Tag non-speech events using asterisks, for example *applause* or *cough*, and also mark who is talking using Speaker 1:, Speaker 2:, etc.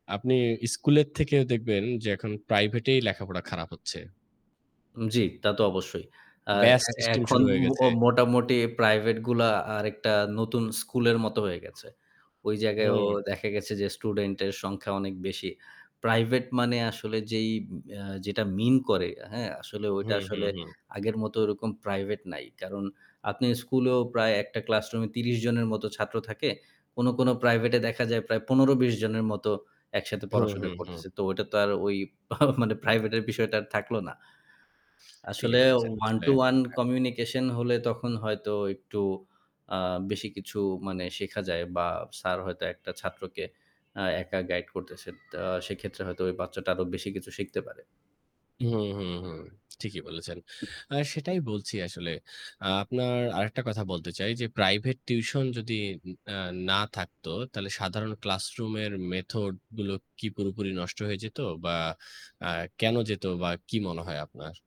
Speaker 1: আপনি স্কুলের থেকেও দেখবেন যে এখন প্রাইভেটেই লেখাপড়া খারাপ হচ্ছে।
Speaker 2: উম জ্বি, তা তো অবশ্যই। আ
Speaker 1: ব্যাচ
Speaker 2: এ
Speaker 1: সিস্টেম
Speaker 2: এখন
Speaker 1: শুরু হয়ে
Speaker 2: ম
Speaker 1: গেছে।
Speaker 2: মোটামুটি প্রাইভেটগুলা আরেকটা নতুন স্কুলের মতো হয়ে গেছে। ওই জায়গায়ও
Speaker 1: হুম।
Speaker 2: দেখা গেছে যে, স্টুডেন্টের সংখ্যা অনেক বেশি। প্রাইভেট মানে আসলে যেই উম আ যেটা মিন করে, হ্যাঁ আসলে ওইটা
Speaker 1: হুম, হুম,
Speaker 2: আসলে
Speaker 1: হুম।
Speaker 2: আগের মতো ওরকম প্রাইভেট নাই। কারণ আপনি স্কুলেও প্রায় একটা ক্লাসরুমে ৩০ জনের মতো ছাত্র থাকে। কোনো, কোনো প্রাইভেটে দেখা যায় প্রায় ১৫-২০ জনের মতো একসাথে
Speaker 1: হুম,
Speaker 2: পড়াশোনা
Speaker 1: হুম, হুম।
Speaker 2: করতেছে। তো ওটা তো আর ঐ *chuckles* মানে প্রাইভেটের বিষয়টা আর থাকল না।
Speaker 1: ঠিকই
Speaker 2: আসলে
Speaker 1: বলেছেন,
Speaker 2: ওয়ান
Speaker 1: আসলে
Speaker 2: টু ওয়ান
Speaker 1: হ্যাঁ।
Speaker 2: কমিউনিকেশন হলে তখন হয়তো একটু আ বেশি কিছু মানে শেখা যায় বা স্যার হয়তো একটা ছাত্রকে আ একা গাইড করতেছে তা সেক্ষেত্রে হয়তো ওই বাচ্চাটা আরো বেশি কিছু শিখতে পারে।
Speaker 1: হুম, হুম, হুম ঠিকই বলেছেন। *smacks lips* আ সেটাই বলছি আসলে। আপনার আরেকটা কথা বলতে চাই যে প্রাইভেট টিউশন যদি উম আ না থাকতো, তাহলে সাধারণ ক্লাসরুমের মেথড গুলো কি পুরোপুরি নষ্ট হয়ে যেত বা আ কেনো যেত বা কি মনে হয় আপনার?